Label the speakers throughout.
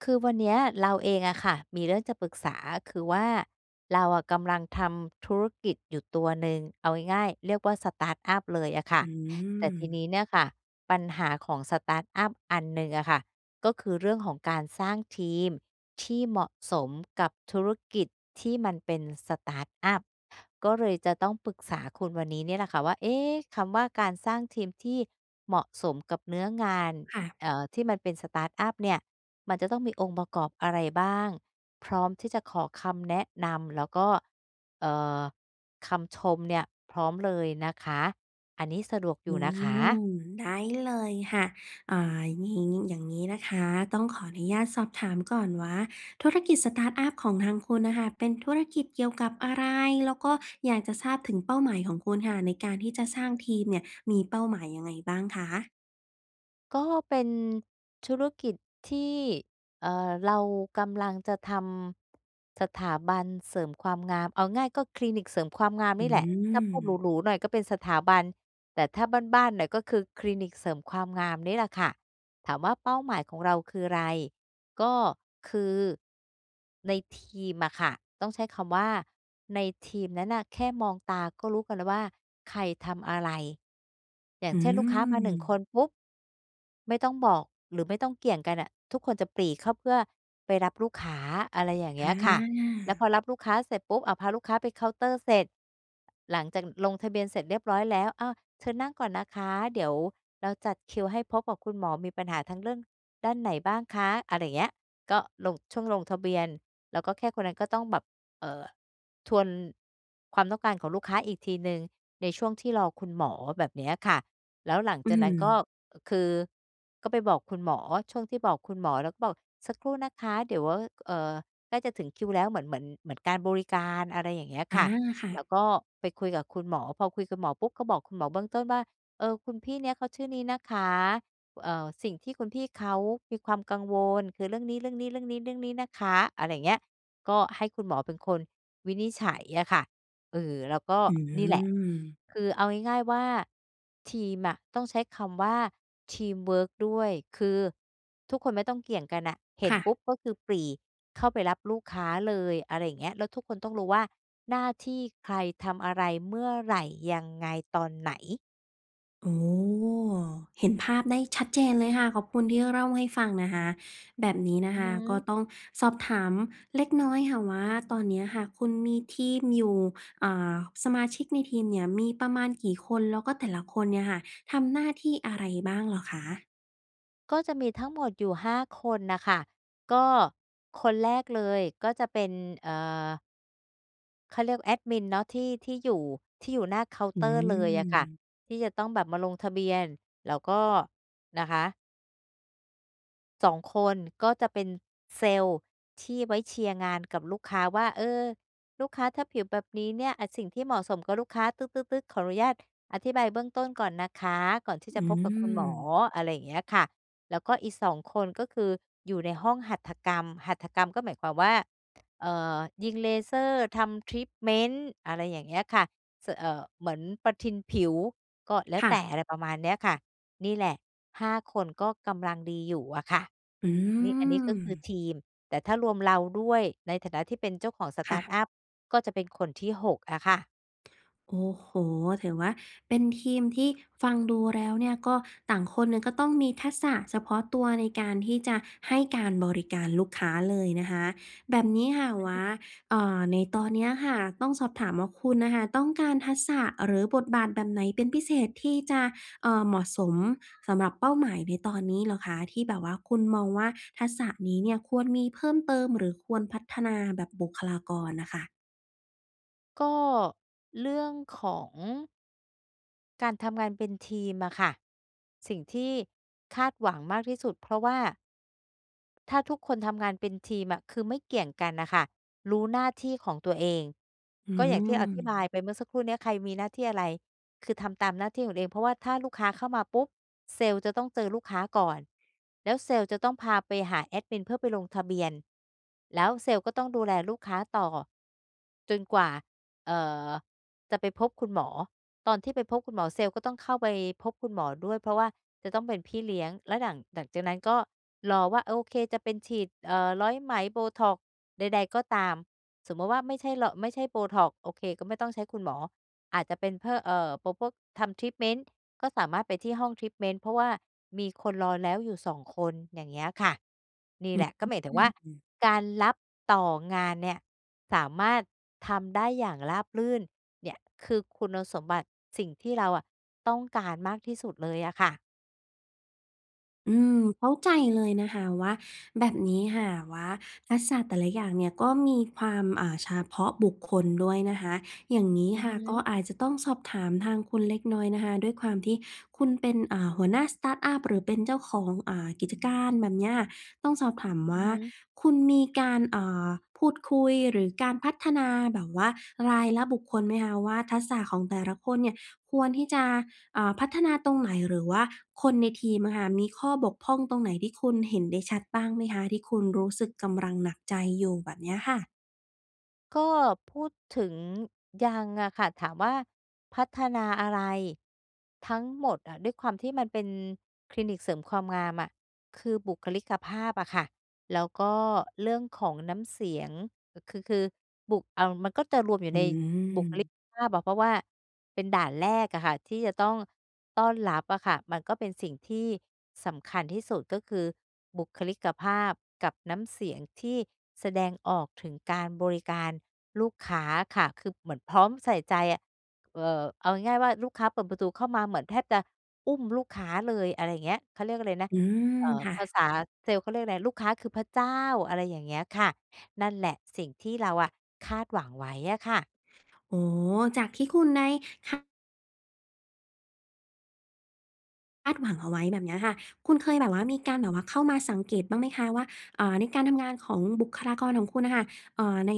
Speaker 1: คือวันเนี้ยเราเองอะค่ะ มีเรื่องจะปรึกษา คือว่า เราอะกำลังทำธุรกิจอยู่ตัวหนึ่ง เอาง่าย ๆ เรียกว่า สตาร์ตอัป เลยอะค่
Speaker 2: อ
Speaker 1: ะ
Speaker 2: ื
Speaker 1: แต่ที
Speaker 2: ม
Speaker 1: นี้เนี่ยค่ะ ปัญหาของ สตาร์ตอัป อันหนึ่งอะค่ะ ก็คือเรื่องของการสร้างทีมที่เหมาะสมกับธุรกิจที่มันเป็น สตาร์ตอัป ก็เลยจะต้องปรึกษาคุณวันนี้เนี่ยแหละค่ะว่า เอ๊ะ คำว่าการสร้างทีมที่เหมาะสมกับเนื้องาน
Speaker 2: ค่ะ
Speaker 1: เอ่อ ที่มันเป็น สตาร์ตอัป เนี่ย มันจะต้องมีองค์ประกอบอะไรบ้าง? พร้อมที่จะขอคำแนะนำ แล้วก็ เอ่อ คำชมเนี่ยพร้อมเลยนะคะ อันนี้สะดวกอย
Speaker 2: อ
Speaker 1: ู
Speaker 2: ื
Speaker 1: ่นะคะ?
Speaker 2: ม ได้เลยค่ะ อ่า หญิง อย่างนี้นะคะ ต้องขออนุญาตสอบถามก่อนว่า ธุรกิจ สตาร์ตอัป ของทางคุณอะค่ะ เป็นธุรกิจเกี่ยวกับอะไร? แล้วก็อยากจะทราบถึงเป้าหมายของคุณค่ะ ในการที่จะสร้างทีมเนี่ยมีเป้าหมายยังไงบ้างคะ?
Speaker 1: ก็เป็น ธุรกิจที่ เอ่อ เรากำลังจะทำ สถาบันเสริมความงาม เอาง่ายก็คลินิกเสริมความงาม
Speaker 2: อื
Speaker 1: นี่แหละ ถ้าพูดห
Speaker 2: ม
Speaker 1: รู ๆ หน่อยก็เป็นสถาบัน แต่ถ้าบ้าน ๆ หน่อย ก็คือคลินิกเสริมความงามนี่แหละค่ะ ถามว่าเป้าหมายของเราคืออะไร? ก็คือ ในทีมอะค่ะ ต้องใช้คำว่าในทีมนั้นอะ แค่มองตาก็รู้กันแล้วว่า ใครทำอะไร อย่า
Speaker 2: อ
Speaker 1: ง
Speaker 2: ื
Speaker 1: เช่น ลูกค้ามา 1 ค
Speaker 2: ม
Speaker 1: นปุ๊บ ไม่ต้องบอกหรือไม่ต้องเกี่ยงกันน่ะ ทุกคนจะปรี่เข้าเพื่อไปรับลูกค้า อะไรอย่างเงี้ยค่ะ แล้วพ
Speaker 2: อา
Speaker 1: อรับลูกค้าเสร็จปุ๊บ อะ พาลูกค้าไปเคาน์เตอร์เสร็จ หลังจากลงทะเบียนเสร็จเรียบร้อยแล้ว อ้าว เชิญนั่งก่อนนะคะ เดี๋ยวเราจัดคิวให้พบกับคุณหมอ มีปัญหาทางเรื่อง ด้านไหนบ้างคะ อะไรอย่างเงี้ย ก็ลง ช่วงลงทะเบียน แล้วก็แค่คนนั้นก็ต้องแบบ เอ่อ ทวน ความต้องการของลูกค้าอีกทีหนึ่งในช่วงที่รอคุณหมอ แบบเนี้ยค่ะ แล้วหลัง
Speaker 2: อื
Speaker 1: จากนั้น ก็
Speaker 2: ม
Speaker 1: อะ คือ ก็ไปบอกคุณหมอ ช่วงที่บอกคุณหมอ แล้วก็บอก "สักครู่นะคะ เดี๋ยวว่า เอ่อ ใกล้จะถึงคิวแล้ว" เหมือน เหมือน เหมือนการบริการ อะไรอย่างเงี้ย
Speaker 2: อา
Speaker 1: ค่ะ
Speaker 2: ค่
Speaker 1: แล
Speaker 2: ะ
Speaker 1: ้วก็ไปคุยกับคุณหมอ พอคุยกับหมอปุ๊บ ก็บอกคุณหมอเบื้องต้นว่า เอ่อ "คุณพี่เนี้ยเขาชื่อนี้นะคะ เอ่อ สิ่งที่คุณพี่เขามีความกังวล คือเรื่องนี้ ๆ ๆ ๆ นะคะ" อะไรอย่างเงี้ย ก็ให้คุณหมอเป็นคนวินิจฉัยอะค่ะ เอ่อ แล้วก็
Speaker 2: อื
Speaker 1: นี่แหละ
Speaker 2: ม
Speaker 1: คือเอาง่าย ๆ ว่า ทีมอะต้องใช้คำว่าทีมเวิร์กด้วย คือ ทุกคนไม่ต้องเกี่ยงกันอะ เห็
Speaker 2: ค
Speaker 1: น
Speaker 2: ่
Speaker 1: ป
Speaker 2: ะ
Speaker 1: ุ๊บ ก็คือ ปรี่เข้าไปรับลูกค้าเลย อะไรอย่างเงี้ย แล้วทุกคนต้องรู้ว่าหน้าที่ใคร ทำอะไร? เมื่อไหร่? ยังไง? ตอนไหน?
Speaker 2: อ๋อ เห็นภาพได้ชัดเจนเลยค่ะ ขอบคุณที่เร่าให้ฟังนะคะ แบบนี้นะ
Speaker 1: อื
Speaker 2: ค
Speaker 1: อฮ
Speaker 2: ะก็
Speaker 1: ึ
Speaker 2: ต้องสอบถามเล็กน้อยค่ะว่า ตอนนี้ค่ะ คุณมีทีมอยู่ อ่า สมาชิกในทีมเนี่ย มีประมาณกี่คน? แล้วก็แต่ละคนเนี่ยค่ะ ทำหน้าที่อะไรบ้างเหรอคะ?
Speaker 1: ก็จะมีทั้งหมดอยู่ 5 คนน่ะค่ะ ก็คนแรกเลยก็จะเป็น เอ่อ เขาเรียกแอดมินเนาะ ที่ ที่อยู่ ที่อยู่หน้าเคาน์
Speaker 2: อื
Speaker 1: เตอร์เลยอะค่ะ
Speaker 2: ม
Speaker 1: ที่จะต้องแบบมาลงทะเบียนแล้วก็ นะคะ 2 คนก็จะเป็นเซลล์ ที่ไว้เชียร์งานกับลูกค้าว่า "เออ ลูกค้าถ้าผิวแบบนี้เนี่ย อ่า สิ่งที่เหมาะสมกับลูกค้า ตึ๊ด ๆ ๆ ขออนุญาตอธิบายเบื้องต้นก่อนนะคะ ก่อนที่
Speaker 2: อ
Speaker 1: จะ
Speaker 2: ื
Speaker 1: พบกับคุณหมอ"
Speaker 2: ม
Speaker 1: อะไรอย่างเงี้ยค่ะ แล้วก็อีก 2 คน ก็คือ อยู่ในห้องหัตถกรรม หัตถกรรมก็หมายความว่า เอ่อ ยิงเลเซอร์ ทำทรีตเม้นท์ อะไรอย่างเงี้ยค่ะ สั่ว เอ่อ เหมือนประทินผิวก็แล้
Speaker 2: ค
Speaker 1: ว
Speaker 2: ่
Speaker 1: แต่
Speaker 2: ะ
Speaker 1: อะไรประมาณนี้ค่ะ นี่แหละ 5 คนก็กำลังดีอยู่อะค่ะ
Speaker 2: อื
Speaker 1: นี่ อันนี้ก็คือ
Speaker 2: ม
Speaker 1: ทีม แต่ถ้ารวมเราด้วยในฐานะที่เป็นเจ้าของ ส
Speaker 2: ค
Speaker 1: ต
Speaker 2: ่
Speaker 1: าร์ต
Speaker 2: ะ
Speaker 1: อัป ก็จะเป็นคนที่ 6 อะค่ะ
Speaker 2: โอ้โฮ ถือว่าเป็นทีมที่ฟังดูแล้วเนี่ย ก็ต่างคนเนี่ย ก็ต้องมีทักษะเฉพาะตัวในการที่จะให้การบริการลูกค้าเลยนะคะ แบบนี้ค่ะ
Speaker 1: อื
Speaker 2: ว
Speaker 1: อฮ
Speaker 2: ่
Speaker 1: ึ
Speaker 2: า อ่า ในตอนเนี้ยอะค่ะ ต้องสอบถามว่า คุณน่ะค่ะ ต้องการทักษะ หรือบทบาทแบบไหนเป็นพิเศษที่จะ เอ่อ เหมาะสมสำหรับเป้าหมายในตอนนี้เหรอคะ ที่แบบว่า คุณมองว่า ทักษะนี้เนี่ย ควรมีเพิ่มเติม หรือควรพัฒนาแบบบุคลากรน่ะค่ะ
Speaker 1: ก็ เรื่องของ การทำงานเป็นทีมอะค่ะ สิ่งที่ คาดหวังมากที่สุด เพราะว่า ถ้าทุกคนทำงานเป็นทีมอะ คือไม่เกี่ยงกันน่ะค่ะ รู้หน้าที่ของตัวเอง
Speaker 2: อื
Speaker 1: ก็อย่างที่อธิบาย
Speaker 2: ม
Speaker 1: ไปเมื่อสักครู่เนี้ย ใครมีหน้าที่อะไร คือทำตามหน้าที่ของตัวเอง เพราะว่าถ้าลูกค้าเข้ามาปุ๊บ เซลส์จะต้องเจอลูกค้าก่อน แล้วเซลส์จะต้องพาไปหาแอดมินเพื่อไปลงทะเบียน แล้วเซลส์ก็ต้องดูแลลูกค้าต่อ จนกว่า เอ่อ จะไปพบคุณหมอ ตอนที่ไปพบคุณหมอ เซลส์ก็ต้องเข้าไปพบคุณหมอด้วย เพราะว่าจะต้องเป็นพี่เลี้ยง แล้วหลัง หลังจากนั้นก็ รอว่า โอเค จะเป็นฉีด เอ่อ ร้อยไหม botox ใด ๆ ก็ตาม สมมติว่า ไม่ใช่รอ ไม่ใช่ botox โอเค ก็ไม่ต้องใช้คุณหมอ อาจจะเป็นเพ่อ เอ่อ พ พวกทำ ทรีตเมนต์ ก็สามารถไปที่ห้อง ทรีตเมนต์ เพราะว่ามีคนรอแล้วอยู่ 2 อย่างเงี้ยค่ะ นี่
Speaker 2: อ
Speaker 1: แหละ ก็หมายถึง
Speaker 2: ื
Speaker 1: ว่า
Speaker 2: ม
Speaker 1: การรับต่องานเนี่ย สามารถทำได้อย่างราบรื่นเนี่ย คือคุณสมบัติสิ่งที่เราอะต้องการมากที่สุดเลยอะค่ะ
Speaker 2: อืม เข้าใจเลยนะคะว่า แบบนี้ค่ะว่า ทักษะแต่ละอย่างเนี่ย ก็มีความ เอ่อ เฉพาะบุคคลด้วยนะคะ อย่างนี้
Speaker 1: อื
Speaker 2: ค
Speaker 1: อ
Speaker 2: ่
Speaker 1: ฮ
Speaker 2: ะ ก็
Speaker 1: ึ
Speaker 2: อาจจะต้องสอบถามทางคุณเล็กน้อยนะคะ ด้วยความที่คุณเป็น อ่า หัวหน้า สตาร์ตอัป หรือเป็นเจ้าของ อ่า กิจการ แบบเนี้ย ต้องสอบถามว
Speaker 1: อื
Speaker 2: ่
Speaker 1: อ
Speaker 2: า
Speaker 1: ฮึ
Speaker 2: คุณมีการ เอ่อ พูดคุยหรือการพัฒนาแบบว่ารายละบุคคลไหมคะว่า ทักษะของแต่ละคนเนี่ย ควรที่จะ อ่า พัฒนาตรงไหน? หรือว่าคนในทีมอะค่ะ มีข้อบกพร่องตรงไหนที่คุณเห็นได้ชัดบ้างไหมคะ? ที่คุณรู้สึกกำลังหนักใจอยู่ แบบเนี้ยค่ะ
Speaker 1: ก็พูดถึง ยังอะค่ะ ถามว่าพัฒนาอะไร ทั้งหมดอะ ด้วยความที่มันเป็นคลินิกเสริมความงามอะ คือบุคลิกภาพอะค่ะ แล้วก็เรื่องของน้ำเสียง ค คือ คือ บุ เอา มันก็จะรวมอยู
Speaker 2: อ
Speaker 1: ่
Speaker 2: ื
Speaker 1: ในบุคล
Speaker 2: ม
Speaker 1: ิกภาพอะ เพราะว่าเป็นด่านแรกอะค่ะ ที่จะต้องต้อนรับอะค่ะ มันก็เป็นสิ่งที่สำคัญที่สุด ก็คือบุคลิกภาพกับน้ำเสียงที่แสดงออกถึงการบริการลูกค้าค่ะ คือ เหมือนพร้อมใส่ใจอะ เอ่อ เอาง่าย ๆ ว่าลูกค้าเปิดประตูเข้ามา เหมือนแทบจะอุ้มลูกค้าเลย อะไรเงี้ย เขาเรียกอะไรนะ
Speaker 2: อืม
Speaker 1: เอ่อ
Speaker 2: ค่
Speaker 1: ภา
Speaker 2: ะ
Speaker 1: ษาเซลส์เขาเรียกอะไร ลูกค้าคือพระเจ้า อะไรอย่างเงี้ยค่ะ นั่นแหละ สิ่งที่เราอะคาดหวังไว้อะค่ะ
Speaker 2: โอ้โฮ จากที่คุณได้คะ คาดหวังเอาไว้แบบเนี้ยค่ะ คุณเคยแบบว่ามีการแบบว่าเข้ามาสังเกตุบ้างไหมคะว่า อ่า ในการทำงานของบุคลากรของคุณน่ะค่ะ เอ่อ ใน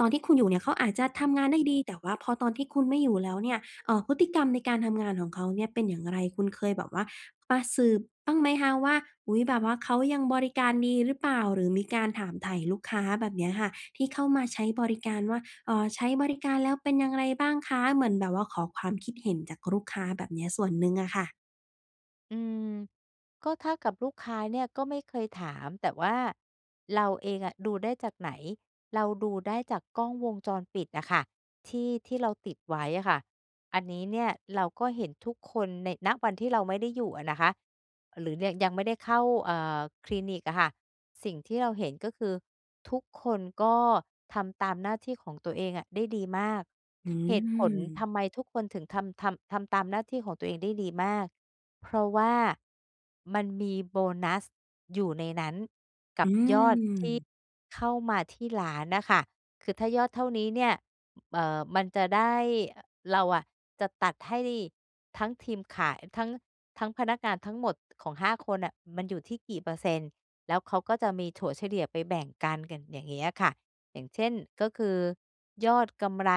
Speaker 2: ตอนที่คุณอยู่เนี่ย เขาอาจจะทำงานได้ดี แต่ว่าพอตอนที่คุณไม่อยู่แล้วเนี่ย เอ่อ พฤติกรรมในการทำงานของเขาเนี่ยเป็นอย่างไร? คุณเคยแบบว่ามาสืบบ้างไหมคะว่า อุ๊ย! แบบว่าเขายังบริการดีหรือเปล่า? หรือมีการถามไถ่ลูกค้าแบบเนี้ยค่ะ ที่เข้ามาใช้บริการว่า เอ่อ ใช้บริการแล้วเป็นอย่างไรบ้างคะ? เหมือนแบบว่าขอความคิดเห็นจากลูกค้าแบบเนี้ยส่วนหนึ่งอะค่ะ
Speaker 1: อืม ก็ถ้ากับลูกค้าเนี่ย ก็ไม่เคยถาม แต่ว่า เราเองอะ ดูได้จากไหน เราดูได้จากกล้องวงจรปิดอะค่ะ ที่ ที่เราติดไว้อะค่ะ อันนี้เนี่ย เราก็เห็นทุกคนใน ณ วันที่เราไม่ได้อยู่อะนะคะ หรือแยง ยังไม่ได้เข้า เอ่อ คลินิกอะค่ะ สิ่งที่เราเห็น ก็คือ ทุกคนก็ทำตามหน้าที่ของตัวเองอะได้ดีมาก
Speaker 2: อื
Speaker 1: เหตุผล
Speaker 2: ม
Speaker 1: ทำไมทุกคนถึงทำ ทำ ทำตามหน้าที่ของตัวเองได้ดีมาก เพราะว่า มันมีโบนัสอยู่ในนั้น ก
Speaker 2: อ
Speaker 1: ั
Speaker 2: ื
Speaker 1: บยอดท
Speaker 2: ม
Speaker 1: ี่ เข้ามาที่ร้านน่ะค่ะ คือถ้ายอดเท่านี้เนี่ย เอ่อ มันจะได้ เราอะจะตัดให้ทั้งทีมขาย ทั้ง ทั้ง พนักงานทั้งหมดของ 5 คนน่ะ มันอยู่ที่กี่เปอร์เซ็นต์? แล้วเขาก็จะมีถัวเฉลี่ยไปแบ่งกัน กันอย่างเงี้ยค่ะ อย่างเช่น ก็คือ ยอดกำไร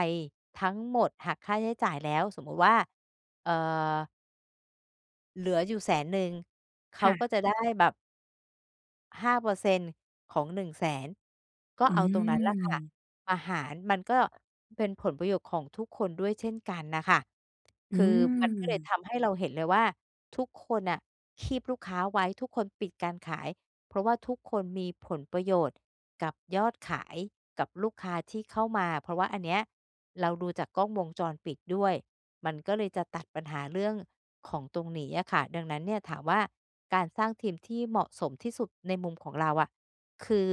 Speaker 1: ทั้งหมดหักค่าใช้จ่ายแล้ว สมมติว่า เอ่อ เหลืออยู่ 100,000 เข
Speaker 2: ค
Speaker 1: า
Speaker 2: ่ะ
Speaker 1: ก็จะได้แบบ 5 เปอร์เซ็นต์ ของ 100,000 ก็
Speaker 2: อื
Speaker 1: เอาตรงนั้นล่ะค่ะ
Speaker 2: ม
Speaker 1: มาหาร มันก็ เป็นผลประโยชน์ของทุกคนด้วยเช่นกันน่ะค่ะ
Speaker 2: อ
Speaker 1: ค
Speaker 2: ื
Speaker 1: ือ มันก็เลย
Speaker 2: ม
Speaker 1: ทำให้เราเห็นเลยว่า ทุกคนน่ะคีบลูกค้าไว้ ทุกคนปิดการขาย เพราะว่าทุกคนมีผลประโยชน์กับยอดขาย กับลูกค้าที่เข้ามาอะ เพราะว่าอันเนี้ยเราดูจากกล้องวงจรปิดด้วย มันก็เลยจะตัดปัญหาเรื่องของตรงนี้อะค่ะ ดังนั้นเนี่ย ถามว่า การสร้างทีมที่เหมาะสมที่สุดในมุมของเราอะ คือ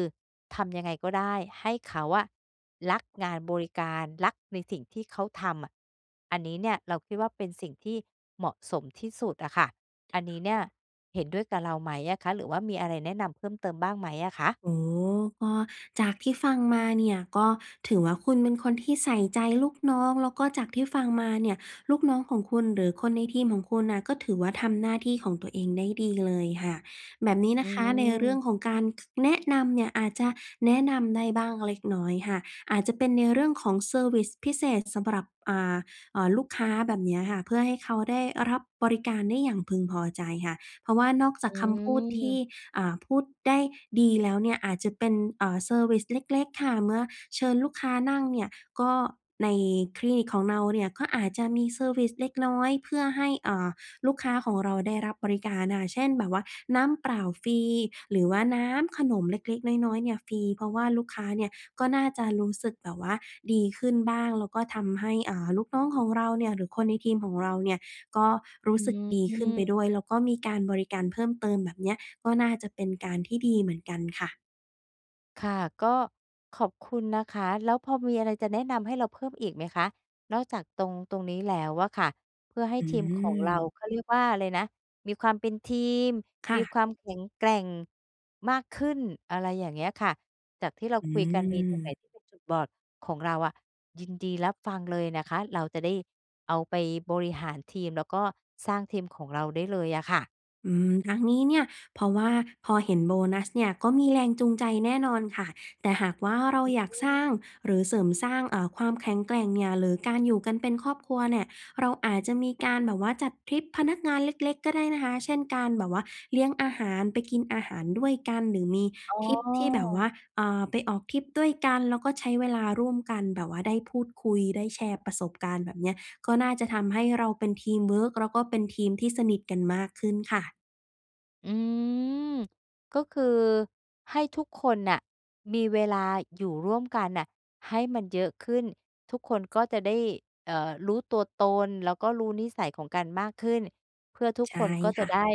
Speaker 1: ทำยังไงก็ได้ให้เขาอะรักงานบริการ รักในสิ่งที่เขาทำอะ อันนี้เนี่ยเราคิดว่า เป็นสิ่งที่เหมาะสมที่สุดอะค่ะ อันนี้เนี่ยเห็นด้วยกับเราไหมอะคะ? หรือว่ามีอะไรแนะนำเพิ่มเติมบ้างไหมอะคะ?
Speaker 2: อ๋อ ก็จากที่ฟังมาเนี่ยก็ถือว่า คุณเป็นคนที่ใส่ใจลูกน้อง แล้วก็จากที่ฟังมาเนี่ยลูกน้องของคุณ หรือคนในทีมของคุณน่ะ ก็ถือว่าทำหน้าที่ของตัวเองได้ดีเลยค่ะ แบบนี้น
Speaker 1: อื
Speaker 2: ะคะในเรื่อง
Speaker 1: ม
Speaker 2: ของการ ค แนะนำเนี่ยอาจจะแนะนำได้บ้างเล็กน้อยค่ะ อาจจะเป็นในเรื่องของเซอร์วิซพิเศษสำหรับ อ่า เอ่อ ลูกค้าแบบเนี้ยค่ะ เพื่อให้เขาได้รับบริการได้อย่างพึงพอใจค่ะ เพราะว่านอกจา
Speaker 1: อ
Speaker 2: กคำพูดที่
Speaker 1: ืม
Speaker 2: อ่า พูดได้ดีแล้วเนี่ย อาจจะเป็น เอ่อ เซอร์วิซเล็ก ๆ ค่ะ เมื่อเชิญลูกค้านั่งเนี่ย ก็ ในคลินิกของเราเนี่ย ก็อาจจะมีเซอร์วิซเล็กน้อยเพื่อให้ เอ่อ ลูกค้าของเราได้รับบริการน่ะค่ะ เช่น แบบว่าน้ำเปล่าฟรี หรือว่าน้ำ ขนมเล็ก ๆ น้อย ๆ เนี่ยฟรี เพราะว่าลูกค้าเนี่ย ก็น่าจะรู้สึกแบบว่าดีขึ้นบ้าง แล้วก็ทำให้ อ่า ลูกน้องของเราเนี่ย หรือคนในทีมของเราเนี่ย ก็รู
Speaker 1: อ
Speaker 2: ้
Speaker 1: ื
Speaker 2: สึกดีขึ้นไป
Speaker 1: ม
Speaker 2: ด้วย แล้วก็มีการบริการเพิ่มเติมแบบเนี้ย ก็น่าจะเป็นการที่ดีเหมือนกันค่ะ
Speaker 1: ค่ะ ก็ขอบคุณนะคะ แล้วพอมีอะไรจะแนะนำให้เราเพิ่มอีกไหมคะ? นอกจากตรง ตรงนี้แล้วอะค่ะ เพื่อให้
Speaker 2: อื
Speaker 1: ทีมของเรา
Speaker 2: ม
Speaker 1: เขาเรียกว่าอะไรนะ มีความเป็นทีม
Speaker 2: ค
Speaker 1: ม
Speaker 2: ่
Speaker 1: ี
Speaker 2: ะ
Speaker 1: ความแข็งแกร่งมากขึ้น อะไรอย่างเงี้ยค่ะ จากที่เรา
Speaker 2: อื
Speaker 1: คุยกันมีตรงไหน
Speaker 2: ม
Speaker 1: ที่เป็นจุดบอดของเราอะ ยินดีรับฟังเลยนะคะ เราจะได้เอาไปบริหารทีม แล้วก็สร้างทีมของเราได้เลยอะค่ะ
Speaker 2: อืม ทั้งนี้เนี่ย เพราะว่าพอเห็นโบนัสเนี่ย ก็มีแรงจูงใจแน่นอนค่ะ แต่หากว่าเรา
Speaker 1: อื
Speaker 2: อยากสร้
Speaker 1: ม
Speaker 2: าง หรือเสริมสร้าง อ่า ความแข็งแกร่งเนี่ย หรือการอยู่กันเป็นครอบครัวเนี่ย เราอาจจะมีการแบบว่าจัดทริปพนักงานเล็ก ๆ ก็ได้นะคะ เช่น การแบบว่าเลี้ยงอาหาร ไปกินอาหารด้วยกัน หรือมี
Speaker 1: อ๋
Speaker 2: ทริปที่แบบว่
Speaker 1: อ
Speaker 2: า อ่า ไปออกทริปด้วยกัน แล้วก็ใช้เวลาร่วมกัน แบบว่าได้พูดคุย ได้แชร์ประสบการณ์ แบบเนี้ย ก็น่าจะทำให้เราเป็นทีมเวิร์ก แล้วก็เป็นทีมที่สนิทกันมากขึ้นค่ะ
Speaker 1: อืม ก็คือให้ทุกคนน่ะมีเวลาอยู่ร่วมกันน่ะให้มันเยอะขึ้น ทุกคนก็จะได้ เอ่อ รู้ตัวตน แล้วก็รู้นิสัยของกันมากขึ้น เพื่อทุก
Speaker 2: ใช่
Speaker 1: คนก็จ
Speaker 2: ค
Speaker 1: ะ
Speaker 2: ่
Speaker 1: ไ
Speaker 2: ะ
Speaker 1: ด้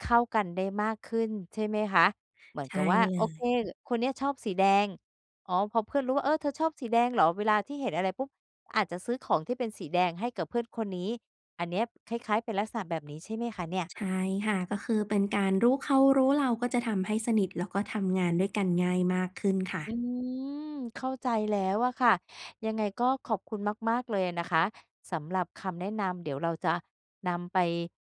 Speaker 1: เข้ากันได้มากขึ้น ใช่ไหมคะ? เหมือ
Speaker 2: ใ
Speaker 1: น
Speaker 2: ช
Speaker 1: ก
Speaker 2: ่
Speaker 1: ับว่า
Speaker 2: เล
Speaker 1: โอเค
Speaker 2: ย
Speaker 1: ก คนนี้อะชอบสีแดง อ๋อ พอเพื่อนรู้ว่า "เออ เธอชอบสีแดงเหรอ?" เวลาที่เห็นอะไรปุ๊บ อาจจะซื้อของที่เป็นสีแดงให้กับเพื่อนคนนี้ อันนี้อะคล้าย ๆ เป็นลักษณะแบบนี้ใช่ไหมคะเนี่ย?
Speaker 2: ใช่ค่ะ ก็คือเป็นการรู้เขารู้เรา ก็จะทำให้สนิท แล้วก็ทำงานด้วยกันง่ายมากขึ้นค่ะ
Speaker 1: อืม เข้าใจแล้วอะค่ะ ยังไงก็ขอบคุณมาก ๆ เลยนะคะสำหรับคำแนะนำ เดี๋ยวเราจะนำไป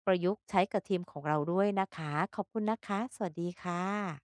Speaker 1: ประยุกต์ใช้กับทีมของเราด้วยนะคะ ขอบคุณนะคะ สวัสดีค่ะ